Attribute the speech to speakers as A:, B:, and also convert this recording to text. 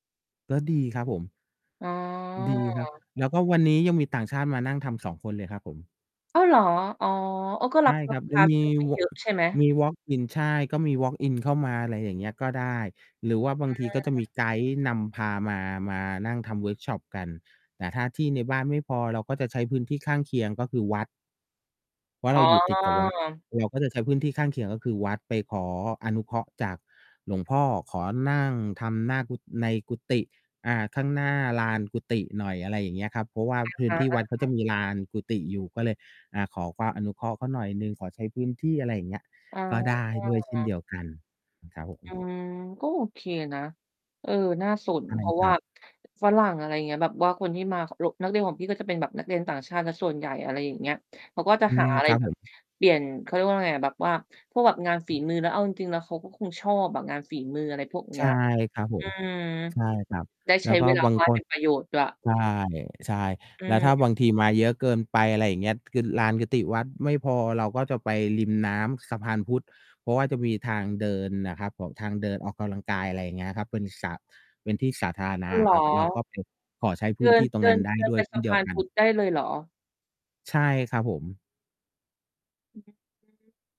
A: ก็ดี ครับผม
B: อ๋
A: ดีครับ
B: อ
A: แล้วก็วันนี้ยังมีต่างชาติมานั่งทำ 2 คนเลยครับผม
B: อ้าว เหรอ? อ๋อ โอ้ ก็
A: ใ
B: ร
A: ช
B: ั
A: ่
B: บลู
A: คร
B: ก
A: ับ
B: ค
A: จะ
B: ้าไ
A: ม
B: ด
A: ี
B: ้ไม่
A: ว
B: เ
A: อ
B: ย
A: ล์
B: อ
A: ก
B: ะ
A: อ
B: ใช่ไหม?
A: มีวอล์กอิน ใช่ ก็มีวอล์กอินเข้ามา อะไรอย่างเงี้ย ก็ได้ หรือว่าบางทีก็จะม
B: อ
A: ี
B: า
A: ไกด์นำพามา มานั่งทำเวิร์กช็อปกัน แต่ถ้าที่ในบ้านไม่พอ เราก็จะใช้พื้นที่ข้างเคียง ก็คือวัด เพราะ
B: อ
A: เ
B: ๋
A: ร
B: อ
A: าอยู่ติดกับ วัด เราก็จะใช้พื้นที่ข้างเคียง ก็คือวัด ไปขออนุเคราะห์จากหลวงพ่อ ขอนั่งทำหน้ากุ ในกุฏิ อ่า ข้างหน้าลานกุฏิหน่อย อะไรอย่างเงี้ยครับ เพราะว่าพื้น
B: อา
A: ที่
B: อา
A: วัดเขา
B: ๆ อ
A: จะ
B: า
A: มีลานกุฏิอยู่ ก็เลย อ่า ขอความอนุเคราะห์เขาหน่อยหนึ่ง ขอใช้พื้นที่ อะไรอย่างเงี้ย
B: อ๋อ
A: ก็ได้ด้วยเช่นเดียวกันครับ ผ
B: อื
A: ม
B: ม ก็โอเคนะ เออ น่าสน
A: อะไร
B: เพรา
A: น
B: ะ
A: ะ ค
B: ว
A: ร
B: ่า
A: ับ?
B: ฝรั่ง อะไรอย่างเงี้ย แบบว่าคนที่มา ล นักเรียนของพี่ ก็จะเป็นแบบนักเรียนต่างชาติเสียส่วนใหญ่ อะไรอย่างเงี้ย เขาก็จะ
A: อื
B: หา
A: ม
B: อะไร
A: ครับ
B: แบ
A: ผ
B: บ
A: ม
B: เปลี่ยน เขาเรียกว่าไงอะ แบบว่าพวกแบบงานฝ
A: อ
B: ี
A: ืม
B: มือ แล้วเอาจริง ๆ แล้วเขาก็คงชอบอะงานฝีมือ อะไรพวกเน
A: ใ
B: ี
A: ช
B: ้
A: ่
B: ย
A: ครับผ
B: อื
A: ม
B: ม
A: ใช่ครับ
B: ได้
A: แล
B: ใช
A: ้
B: ้
A: วก็
B: เวลา
A: บาง
B: ว่า
A: ค
B: งให้เ
A: น
B: ป็นประโยชน์ด้วย
A: ใช่
B: อื
A: ๆ แล้วถ้า
B: ม
A: บางทีมาเยอะเกินไป อะไรอย่างเงี้ย คือลานกุฏิวัดไม่พอ เราก็จะไปริมน้ำสะพานพุทธ เพราะว่าจะมีทางเดินน่ะครับผม ทางเดินออกกำลังกาย อะไรอย่างเงี้ยครับ เป็นสา เป็นที่สาธารณ
B: อ
A: ะ
B: ๋อ เ
A: อ
B: หร
A: ะ
B: อ?
A: ครับ เราก็ไปขอใช้พ
B: เด
A: ื้
B: ิ
A: นท
B: น
A: ี่ตร
B: เ
A: ง
B: ดิ
A: นั้
B: น
A: นได้
B: เดิน
A: ด้ว
B: ไป
A: ยเช
B: ส
A: ่น
B: ะ
A: เ
B: พ
A: ดีย
B: า
A: ว
B: น
A: กั
B: พ
A: น
B: ุทธได้เลยเหรอ?
A: ใช่ครับผม
B: อือฮึ อืม